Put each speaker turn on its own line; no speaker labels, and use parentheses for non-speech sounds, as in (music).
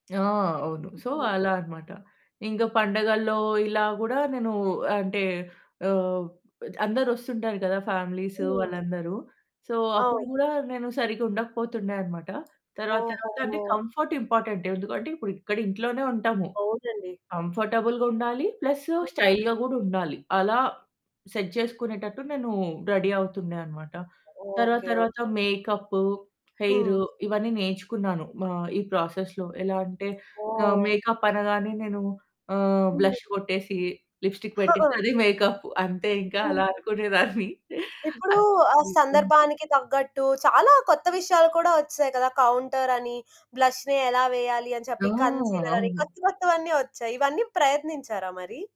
ఆ! అవును. సో,
ఆ!
అలా అనమాట. ఇంకా పండగల్లో ఇలా గూడా నేను అంటే ఆహ్, అందరొస్తుంటారు కదా! ఫ్యామిలీస్
హ్మ్.
వాళ్ళందరూ. సో, అప్పుడు
అవును.
కూడా నేను సరిగ్గా ఉండకపోతుండే అనమాట. తర్వాత
ఓహో!
తర్వాత అంటే కంఫర్ట్ ఇంపార్టెంట్, ఎందుకంటే ఇప్పుడు ఇక్కడ ఇంట్లోనే ఉంటాము.
అవునండి.
కంఫర్టబుల్‌గా ఉండాలి. ప్లస్
అవును.
స్టైల్‌గా గూడా ఉండాలి. అలా సెట్ జేసుకునేటట్టు నేను రెడీ అవుతుండే అనమాట. తర్వాత
ఓకే.
తర్వాత
ఓకే.
మేకప్పు, హెయిర్
హ్మ్.
ఇవన్నీ నేర్చుకున్నాను ఆహ్, ఈ ప్రాసెస్‌లో ఎలా అంటే ఆహ్,
ఓహ్!
మేకప్ అనగానే నేను ఆహ్,
ఉంది.
బ్లష్ కొట్టేసి లిప్‌స్టిక్ పెట్టేస్తే
(chuckles)
అదే మేకప్ అంతే ఇంకా అలా
హ్మ్.
అనుకునేదాన్ని. (giggles)
ఇప్పుడు
అస్
ఆ
వెల్కమ్
సందర్భానికి తగ్గట్టు చాలా కొత్త విషయాలు కూడా వచ్చేసాయి కదా! కౌంటర్ అని, బ్లష్‌ని ఎలా వేయాలి అని
ఆ!
చెప్పి, కన్సీలర్ అని
అవును.
కొత్త కొత్తవన్నీ వచ్చాయి. ఇవన్నీ ప్రయత్నించారా మరి?